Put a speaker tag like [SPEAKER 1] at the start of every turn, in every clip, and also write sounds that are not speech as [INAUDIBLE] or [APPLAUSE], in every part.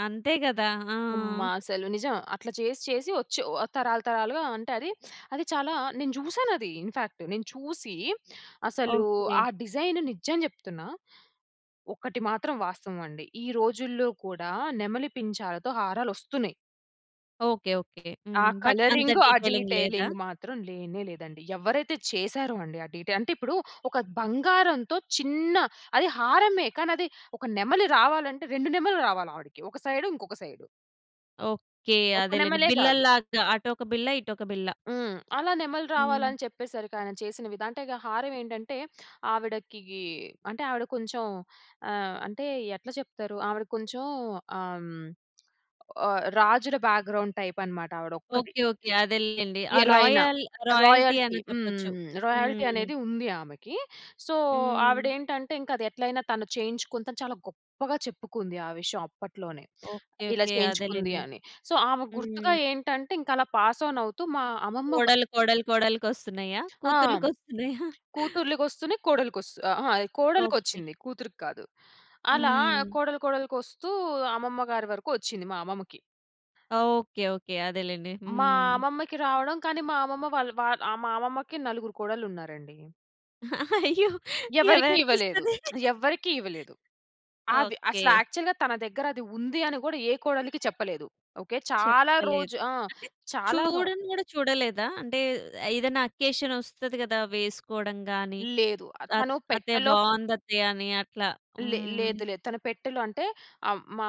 [SPEAKER 1] అంతే గదా!
[SPEAKER 2] అమ్మా!
[SPEAKER 1] ఆ!
[SPEAKER 2] అసలు నిజం. అట్లా చేసి చేసి వచ్చి ఓహ్! తరాలు తరాలుగా అంటే అది, అది చాలా నేను చూశానది ఇన్‌ఫాక్ట్. నేను చూసి అసలు
[SPEAKER 1] ఓకే.
[SPEAKER 2] ఆ డిజైన్ నిజం చెప్తున్నా ఒక్కటి మాత్రం వాస్తవమండి. ఈ రోజుల్లో కూడా నెమలి పించాలతో హారాలొస్తున్నయి.
[SPEAKER 1] ఓకే. ఓకే.
[SPEAKER 2] ఆ
[SPEAKER 1] హ్మ్. బట్ అంత
[SPEAKER 2] కలరింగ్ ఆ
[SPEAKER 1] డీటెయిలింగ్ లేదా?
[SPEAKER 2] డీటెయిలింగ్ మాత్రం లేనే లేదండి. ఎవ్వరైతే చేశారో అండి, ఆ డీటెయి అంటే ఇప్పుడు ఒక బంగారంతో చిన్న అది హారమే. కానది ఒక నెమలి రావాలంటే, రెండు నెమళ్ళు రావాలి ఆవిడకి. ఒక సైడ్, ఇంకొక సైడ్.
[SPEAKER 1] ఓకే.
[SPEAKER 2] ఒక
[SPEAKER 1] అదేలెండి.
[SPEAKER 2] నెమలే గాదు.
[SPEAKER 1] బిళ్ళల్లాగా. అటొక బిళ్ళ, ఇటొక బిళ్ళ.
[SPEAKER 2] హ్మ్. అలా నెమళ్ళు రావాలని
[SPEAKER 1] హ్మ్.
[SPEAKER 2] అని చెప్పేసరికి ఆయన చేసిన విధ అంటే గా హారం ఏంటంటే, ఆవిడకీ అంటే ఆవిడ కొంచెం ఆహ్, అంటే ఎట్లా చెప్తారు? ఆవిడ కొంచెం ఆహ్, హ్మ్. ఆహ్, రాజుల బ్యాగ్రౌండ్ టైప్ అనమాట ఆవిడొక్కది.
[SPEAKER 1] ఓకే. ఓకే. అదేలెండి. ఆ
[SPEAKER 2] ఎలా అయినా.
[SPEAKER 1] Royal royalty
[SPEAKER 2] royalty.
[SPEAKER 1] అనే చెప్పొచ్చు.
[SPEAKER 2] హ్మ్. రాయల్టీ
[SPEAKER 1] హ్మ్.
[SPEAKER 2] అనేది ఉంది ఆమెకి. సో,
[SPEAKER 1] హ్మ్.
[SPEAKER 2] ఆవిడేంటంటే ఇంకది ఎట్లైనా తను చేయించుకుంతా అని చాలా గొప్పగా చెప్పుకుంది. ఆ విషయం అప్పట్లోనే.
[SPEAKER 1] ఓకే.
[SPEAKER 2] ఇలా
[SPEAKER 1] ఓకే.
[SPEAKER 2] చేయించుకుంది
[SPEAKER 1] అదేలెండి.
[SPEAKER 2] అని. సో, ఆమెకు గుర్తుగా
[SPEAKER 1] హ్మ్.
[SPEAKER 2] ఏంటంటే ఇంకలా పాస్ ఆన్ అవుతూ మా అమ్మమ్మ వా
[SPEAKER 1] కోడల్లు, కోడలు కోడలు కొస్తున్నయా?
[SPEAKER 2] ఆ!
[SPEAKER 1] కూతుర్లు కొస్తున్నయా?
[SPEAKER 2] కూతుర్లు కొస్తూనే కోడలికొస్తు అహా! అది
[SPEAKER 1] ఓకే.
[SPEAKER 2] కోడలికొచ్చింది. కూతురికి కాదు. అలా
[SPEAKER 1] హ్మ్.
[SPEAKER 2] కోడలు కోడలుకొస్తూ అమ్మమ్మ గారి వరకు వచ్చింది మా అమ్మమ్మకి.
[SPEAKER 1] ఓకే. ఓకే. అదేలెండి.
[SPEAKER 2] మా
[SPEAKER 1] హ్మ్.
[SPEAKER 2] అమ్మమ్మకి రావడం, కానీ మా అమ్మమ్మ వాళ్ వా ఆ! మా అమ్మమ్మకి నలుగురు కోడళ్ళున్నారండి.
[SPEAKER 1] అయ్యో!
[SPEAKER 2] ఎవరికీ ఇవ్వలేదు.
[SPEAKER 1] ఎవరికిస్తది?
[SPEAKER 2] [SMACKS LIPS] ఎవ్వరికీ ఇవ్వలేదు. అవి అసలు
[SPEAKER 1] ఓకే.
[SPEAKER 2] యాక్చువల్‌గా తన దగ్గర అది ఉంది అని గూడా ఏ కోడలికి చెప్పలేదు. ఓకే. చాలా రోజు
[SPEAKER 1] చెప్పలేదు.
[SPEAKER 2] ఆ!
[SPEAKER 1] అంటే
[SPEAKER 2] చాలా వరకు
[SPEAKER 1] చూడను గూడా చూడలేదా? అంటే ఏదైనా అకేషన్ వస్తది గదా! వేసుకోడం గాని,
[SPEAKER 2] లేదు. ఆహ్,
[SPEAKER 1] అత్
[SPEAKER 2] తను
[SPEAKER 1] అత్తయ్య
[SPEAKER 2] పెట్టలో
[SPEAKER 1] బావుందత్తయ్య అని అట్లా.
[SPEAKER 2] లే
[SPEAKER 1] హ్మ్.
[SPEAKER 2] లేదులే. తన పెట్టెలో అంటే అహ్, మా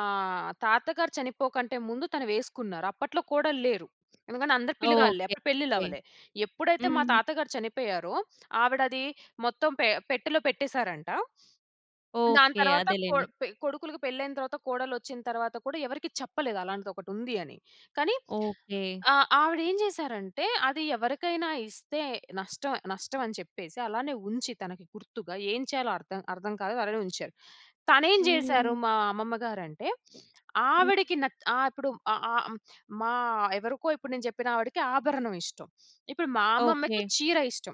[SPEAKER 2] తాతగారు చనిపోకంటే ముందు తను వేసుకున్నారు. అప్పట్లో కోడళ్ళేరు. ఎందుకంటే అందరు పిలగాళ్ళే. అప్పుడు
[SPEAKER 1] ఓకేకే.
[SPEAKER 2] పెళ్లిళ్ళవ్వలే. ఎప్పుడైతే మా
[SPEAKER 1] హ్మ్.
[SPEAKER 2] తాతగారు చనిపోయారో, ఆవిడది మొత్తం పె పెట్టెలో పెట్టేశారంట. దాని
[SPEAKER 1] ఓకే.
[SPEAKER 2] తరువాత కొ
[SPEAKER 1] అదేలెండి.
[SPEAKER 2] పె కొడుకులుకి పెళ్లయిన తరువాత కోడల్లొచ్చిన తరువాత కూడా ఎవరికీ చెప్పలేదు అలాంటిదొకటుంది అని. కానీ
[SPEAKER 1] ఓకే.
[SPEAKER 2] ఆహ్, ఆవిడేం జేశారంటే అది ఎవరికైనా ఇస్తే నష్టం, నష్టం అని చెప్పేసి అలానే ఉంచి తనకి గుర్తుగా ఏం చేయాలో అర్థం, అర్థం కాలేదు అలానే ఉంచారు. తనేం జేశారు
[SPEAKER 1] హ్మ్.
[SPEAKER 2] మా అమ్మమ్మ గారంటే [SNIFFS]
[SPEAKER 1] హ్మ్.
[SPEAKER 2] ఆవిడకి నత్ ఆహ్, ఇప్పుడు ఆ ఆహ్, హ్మ్. మా ఎవరికో ఇప్పుడు నేను జెప్పిన ఆవిడకి ఆభరణం ఇష్టం. ఇప్పుడు మా అమ్మమ్మకి
[SPEAKER 1] ఓకే.
[SPEAKER 2] చీర ఇష్టం.